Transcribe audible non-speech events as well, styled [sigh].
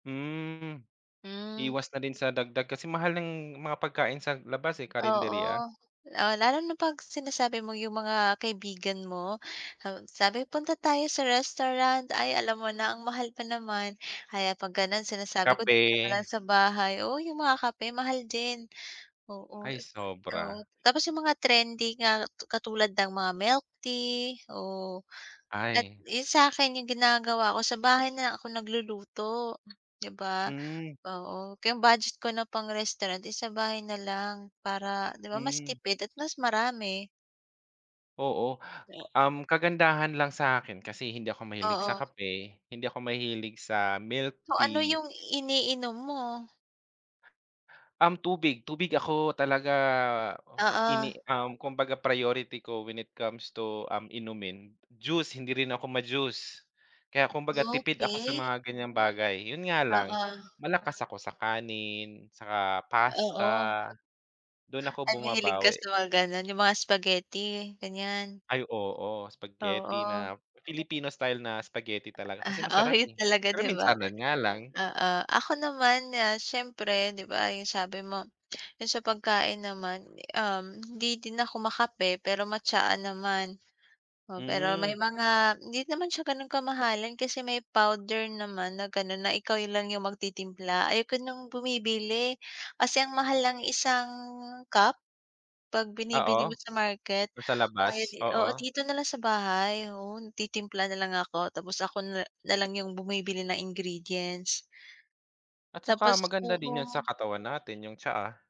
Hmm. Hmm. Iwas na din sa dagdag, kasi mahal ng mga pagkain sa labas, eh, karinderya. Oo. Oh, lalo na 'pag sinasabi mo yung mga kaibigan mo, haw sabi, "Punta tayo sa restaurant." Ay alam mo na ang mahal pa naman, kaya 'pag gano'n sinasabi ko dito na lang Kape. sa bahay. Oo, yung mga kape, mahal din. Oo, Ay, [unintelligible] oo, sobra. tapos yung mga trendy nga katulad ng mga milktea, oh. At, Ay. eh, sa'kin yung ginagawa ko sa bahay na lang ako nagluluto, 'di ba? Hmm. Oo, kaya ang budget ko na pang restaurant is sa bahay na lang para, 'di ba, mas Hmm. tipid at mas marami. Oo, Oh. um, kagandahan lang sa'kin kasi hindi ako mahilig sa Oo. kape, hindi ako mahilig sa So, ano milktea yung iniinom mo? Um, tubig. Tubig ako talaga o Oo. ini um, kumbaga priority ko when it comes to, um, inumin, juice hindi rin ako ma-juice. Kaya kumbaga tipid ako sa Okey. mga ganyang bagay, 'yun nga lang Oo. malakas ako sa kanin saka pasta, Oo. do'n ako Ay, mahilig ka bumabawi. sa mga gano'n, yung mga spaghetti, ganyan? Ay, oo, spaghetti Oo. na Filipino style na spaghetti talaga kasi Ah, oh, masarap, 'yun eh. talaga, Pero 'di ba? minsanan nga lang. Oo, ako naman, ah, siyempre 'di ba, yung sabi mo, yung sa pagkain naman, eh, um, hindi din ako ma-kape pero ma-tsaa naman. Oh, pero Hmm. may mga hindi naman siya gano'n kamahalan kasi may powder naman na gano'n na ikaw yung lang magtitimpla. Ayoko ng bumibili, kasi ang mahal ng isang cup. 'Pag Oo. binibili mo sa market, Do'n sa kaya labas, di oo, oo. dito na lang sa bahay, oo, nagtitimpla na lang ako tapos ako na na lang yung bumibili ng ingredients. At saka Tapos maganda din 'yun sa oo. katawan natin yung tsaa.